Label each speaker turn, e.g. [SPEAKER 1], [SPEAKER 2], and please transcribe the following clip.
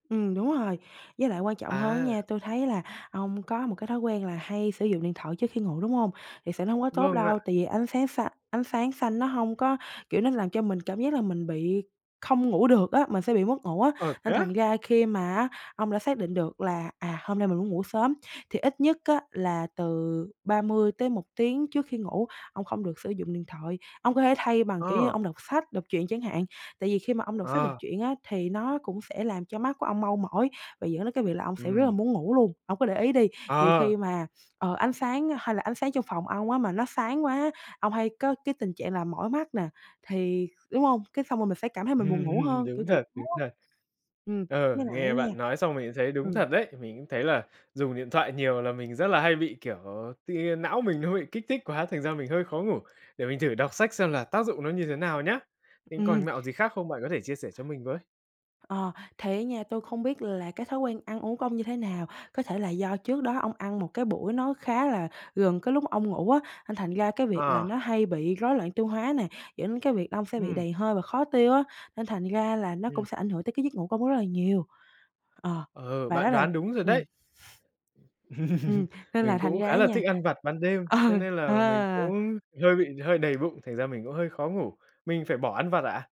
[SPEAKER 1] Ừm, đúng rồi. Với lại quan trọng hơn á
[SPEAKER 2] À.
[SPEAKER 1] nha, tui thấy là ông có một cái thói quen là hay sử dụng điện thoại trước khi ngủ, đúng hông? Thiệt sự nó hông có tốt
[SPEAKER 2] Vâng
[SPEAKER 1] đâu,
[SPEAKER 2] ạ.
[SPEAKER 1] tại vì ánh sáng xa ánh sáng xanh nó hông có kiểu, nó làm cho mình cảm giác là mình bị không ngủ được á, mình sẽ bị mất ngủ á.
[SPEAKER 2] Ờ, thế
[SPEAKER 1] Nên thành
[SPEAKER 2] á!
[SPEAKER 1] ra khi mà á, ông đã xác định được là, à, hôm nay mình muốn ngủ sớm, thì ít nhất á, là từ 30-1 tiếng trước khi ngủ, ông không được sử dụng điện thoại. Ông có thể thay bằng, kiểu như,
[SPEAKER 2] Ờ.
[SPEAKER 1] ông đọc sách, đọc truyện chẳng hạn, tại vì khi mà ông đọc sách, đọc
[SPEAKER 2] Ờ.
[SPEAKER 1] truyện á, thì nó cũng sẽ làm cho mắt của ông mau mỏi, và dẫn đến cái việc là ông sẽ rất là
[SPEAKER 2] Ừm.
[SPEAKER 1] muốn ngủ luôn. Ông cứ để ý đi, nhiều
[SPEAKER 2] Ờ.
[SPEAKER 1] khi mà, ờ, ánh sáng hay là ánh sáng trong phòng ông á, mà nó sáng quá, ông hay có cái tình trạng là mỏi mắt nè, thì đúng hông? Cái xong rồi mình sẽ cảm thấy mình buồn ngủ
[SPEAKER 2] Ừm,
[SPEAKER 1] hơn,
[SPEAKER 2] đúng
[SPEAKER 1] kiểu, kiểu
[SPEAKER 2] thật, đúng
[SPEAKER 1] [unintelligible]
[SPEAKER 2] thật.
[SPEAKER 1] ừm,
[SPEAKER 2] ờ,
[SPEAKER 1] với lại á
[SPEAKER 2] nghe
[SPEAKER 1] nha
[SPEAKER 2] bạn nói xong mình cũng thấy đúng
[SPEAKER 1] ừm.
[SPEAKER 2] thật đấy. Mình cũng thấy là dùng điện thoại nhiều là mình rất là hay bị, kiểu, tự nhiên não mình nó bị kích thích quá, thành ra mình hơi khó ngủ, để mình thử đọc sách xem là tác dụng nó như thế nào nhá. Thế
[SPEAKER 1] Ừm.
[SPEAKER 2] còn mẹo gì khác không? Bạn có thể chia sẻ cho mình với.
[SPEAKER 1] Ờ, thì á nha, tui không biết là cái thói quen ăn uống của ông như thế nào? Có thể là do trước đó ông ăn một cái buổi nó khá là gần cái lúc ông ngủ á, nên thành ra cái việc là
[SPEAKER 2] Ờ.
[SPEAKER 1] nó hay bị rối loạn tiêu hóa nè, dẫn đến cái việc là ông sẽ bị
[SPEAKER 2] Ừm.
[SPEAKER 1] đầy hơi và khó tiêu á, nên thành ra là nó
[SPEAKER 2] Ừm.
[SPEAKER 1] cũng sẽ ảnh hưởng tới cái giấc ngủ của ông rất là nhiều. Ờ,
[SPEAKER 2] Ừ,
[SPEAKER 1] và đó
[SPEAKER 2] bạn
[SPEAKER 1] là
[SPEAKER 2] đoán đúng rồi
[SPEAKER 1] ừm.
[SPEAKER 2] đấy.
[SPEAKER 1] Ừm, nên là
[SPEAKER 2] Mình
[SPEAKER 1] thành
[SPEAKER 2] cũng
[SPEAKER 1] ra
[SPEAKER 2] khá
[SPEAKER 1] á
[SPEAKER 2] là thích
[SPEAKER 1] nha
[SPEAKER 2] ăn vặt ban đêm,
[SPEAKER 1] ừ,
[SPEAKER 2] cho nên là mình
[SPEAKER 1] ờ.
[SPEAKER 2] cũng hơi bị hơi đầy bụng, thành ra mình cũng hơi khó ngủ. Mình phải bỏ ăn vặt ạ?